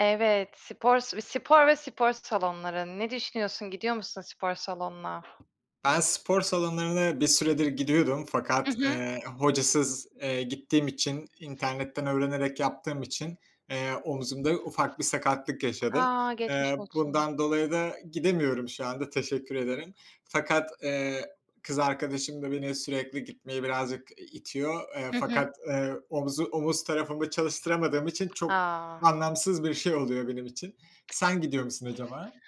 Evet, spor s spor ve spor salonları. Ne düşünüyorsun? Gidiyor musun spor salonuna? Ben spor salonlarına bir süredir gidiyordum Hı fakat, hı. eee, hocasız, eee, gittiğim için internetten öğrenerek yaptığım için, eee, omzumda ufak bir sakatlık yaşadım. A, geçmiş Eee, olsun. bundan dolayı da gidemiyorum şu anda. Teşekkür ederim. Fakat, eee, kız arkadaşım da beni sürekli gitmeye birazcık i itiyor. Eee, Hı hı. fakat, eee, omuzu omuz tarafımı çalıştıramadığım için çok A. anlamsız bir şey oluyor benim için. Sen gidiyor musun acaba?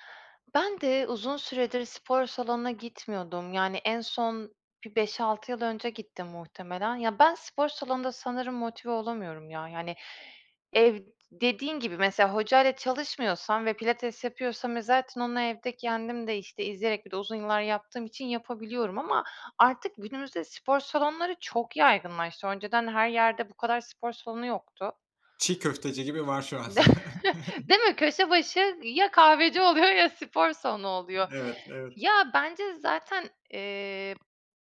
Ben de, uzun süredir spor salonuna gitmiyordum. Yani en son bir 5-6 yıl önce gittim muhtemelen. Ya, ben spor salonunda sanırım motive olamıyorum, ya. Yani ev dediğin gibi mesela hocayla çalışmıyorsam ve pilates yapıyorsam ve zaten onu evde kendim de işte izleyerek bir de uzun yıllar yaptığım için yapabiliyorum. Ama artık günümüzde spor salonları çok yaygınlaştı. Önceden her yerde bu kadar spor salonu yoktu. Çiğ köfteci gibi var şu an. De Değil mi? Köşe başı ya kahveci oluyor ya spor salonu oluyor. Evet, evet. Ya bence zaten, eee,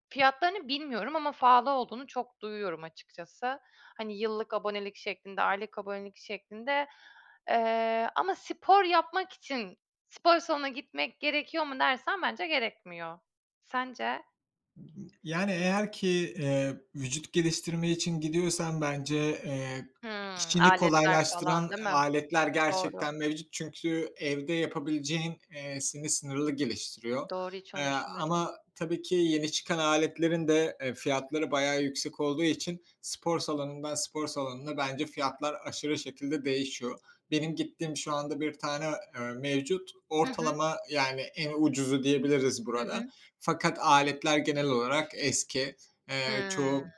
fiyatlarını bilmiyorum ama pahalı olduğunu çok duyuyorum açıkçası. Hani, yıllık abonelik şeklinde, aylık abonelik şeklinde. Eee, ama spor yapmak için spor salonuna gitmek gerekiyor mu dersen, bence gerekmiyor. Sence? Yani eğer ki, eee, vücut geliştirme için gidiyorsan bence, eee, Hımm, işini aletler falan kolaylaştıran değil mi? aletler Doğru. gerçekten mevcut. Çünkü evde yapabileceğin, eee, seni sınırlı geliştiriyor. Doğru. Hiç Eee, onu düşünmedim. ama tabii ki, yeni çıkan aletlerin de, eee, fiyatları bayağı yüksek olduğu için spor salonundan, spor salonuna bence fiyatlar aşırı şekilde değişiyor. Benim gittiğim şu anda bir tane, eee, mevcut. Hı hı. Ortalama, yani, en ucuzu diyebiliriz Hı burada. hı. Fakat aletler genel olarak eski. Eee, Hımm. çoğu,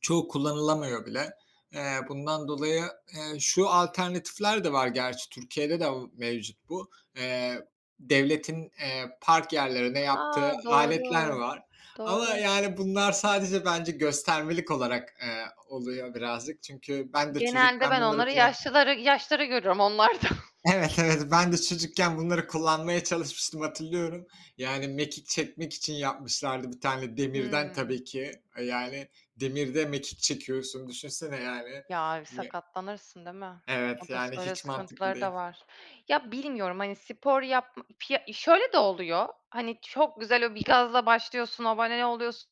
çoğu kullanılamıyor bile. Eee, bundan dolayı, eee, şu alternatifler de var gerçi Türkiye'de de mevcut bu: Eee, devletin, eee, park yerlerine yaptığı A, aletler doğru, var ama doğru. yani, bunlar sadece, bence göstermelik olarak, eee, oluyor birazcık. Çünkü ben de Genelde çocukken ben bunları onları kullan yaşlıları, yaşlıları görüyorum onlarda. Evet, evet, ben de çocukken bunları kullanmaya çalışmıştım, hatırlıyorum. Yani mekik çekmek için yapmışlardı bir tane, demirden Hımm. tabii ki. Yani, demirde mekik çekiyorsun düşünsene, yani. Ya, bir Ye sakatlanırsın değil mi? evet, Oda yani öyle hiç mantıklı sıkıntıları da değil. var. Ya bilmiyorum hani spor yap fiya şöyle de oluyor. Hani çok güzel o bir gazla başlıyorsun, abone oluyorsu